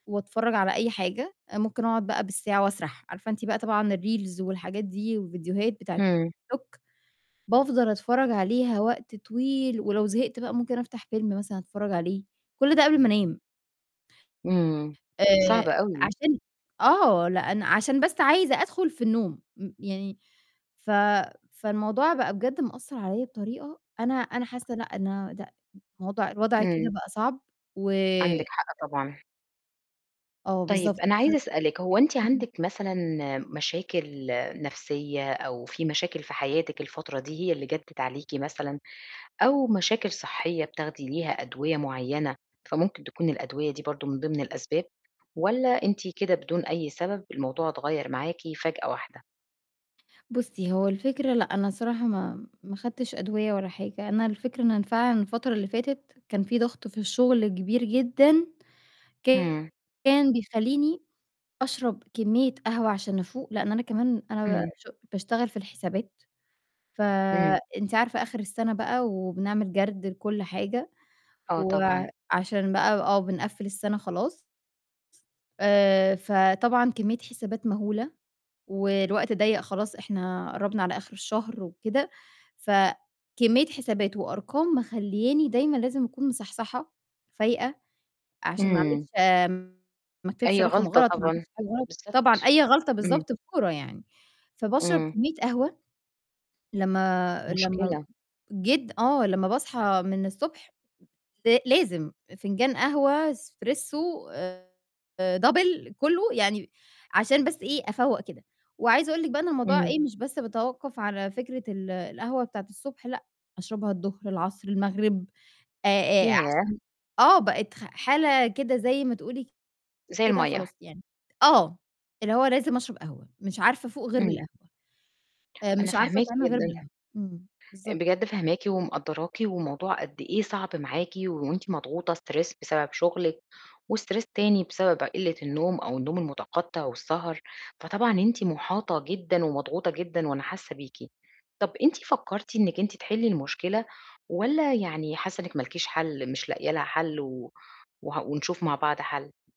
وأتفرّج على أي حاجة، ممكن أقعد بقى بالساعة وأسرح، عارفة أنتِ بقى طبعًا الReels والحاجات دي وفيديوهات بتاعة اهم. الTikTok، بافضل أتفرّج عليها وقت طويل، ولو زهقت بقى ممكن أفتح فيلم مثلًا أتفرّج عليه، كُلّ ده قبل ما أنام. إمم. آآ، صعبة أوي. عشان آه، لأن عشان بس عايزة أدخل في النوم، م يعني، ف فالموضوع بقى بجد مأثّر عليَّ بطريقة، أنا أنا حاسّة لأ، إن أنا لأ، الوضع الوضع كده إمم. بقى صعب، و عندِك حق طبعًا. آه، طيب بالضبط. أنا عايزة [unintelligible] أسألِك، هو أنتِ امم. عندِك مثلًا، مشاكل نفْسية أو في مشاكل في حياتِك الفترة دي هي اللي جدِّت عليكِ مثلًا؟ أو مشاكل صحّية بتاخدي ليها أدوية معيّنة، فممكن تكون الأدوية دي برضه من ضمن الأسباب؟ والَّا أنتِ كده بدون أي سبب الموضوع اتغيّر معاكِ فجأة واحدة؟ بُصّي، هو الفكرة لأ، أنا الصراحة ما ما خدتش أدوية ولا حاجة، أنا الفكرة إن أنا فعلًا الفترة اللي فاتت كان فيه ضغط في الشغل كبير جدًا، إمم. كان بيخلّيني أشرب كمية قهوة عشان أفوق، لإن أنا كمان أنا ب إمم. ش باشتغل في الحسابات، ف إمم. أنتِ عارفة آخر السنة بقى وبنعمل جَرد لكلّ حاجة، آه، طبعًا. وعشان بقى آه بنقفِّل السنة خلاص آآ، فطبعًا كمية حسابات مهولة، والوقت ضيّق خلاص إحنا قرّبنا على آخر الشهر وكده، فكمية حسابات وأرقام مخلّياني دايمًا لازم أكون مصحصحة، فايقة، عشان ما إمم. أعملش آمم، ما اكتبش أي رقم غلطة غلط، ما طبعًا، أعملش حاجة غلط، طبعًا بالضبط، أي غلطة إمم. بالضبط بفورة يعني، فباشرب إمم. كمية قهوة، لمّا لمّا مشكلة. جد آه، لمّا باصحى من الصبح ل لازم فنجان قهوة Espresso آآ، Double كلّه يعني، عشان بس إيه أفوَّق كده، وعايزة أقول لِك بقى إن الموضوع إمم. إيه مش بس بتوقف على فكرة ال القهوة بتاعة الصبح، لأ، أشربها الضهر، العصر، المغرب، آآ آآ، ياه! عشان آه، بقِت خ حالة كده زي ما تقولي زي كده المَيَّة. خلاص يعني آه، اللي هو لازم أشرب قهوة، مش عارفة أفوق غير إمم. بالقهوة. آآ، أنا مش عارفة فاهماكِ أتعامِل غير جدًا. بالقهوة، امم، بالضبط. بجد فاهماكِ ومقدّراكِ، والموضوع قد إيه صعب معاكِ، وأنتِ مضغوطة stress بسبب شغلِك، وstress تاني بسبب قلّة النوم أو النوم المتقطِّع والسهر، فطبعًا أنتِ محاطة جدًا ومضغوطة جدًا وأنا حاسّة بيكِ، طَب أنتِ فكّرتِ إنِّك أنتِ تحلِّي المشكلة؟ والَّا يعني حاسّة إنِّك ما لكيش حَل، مش لاقية لها حَلّ و وه ونشوف مع بعض حَل؟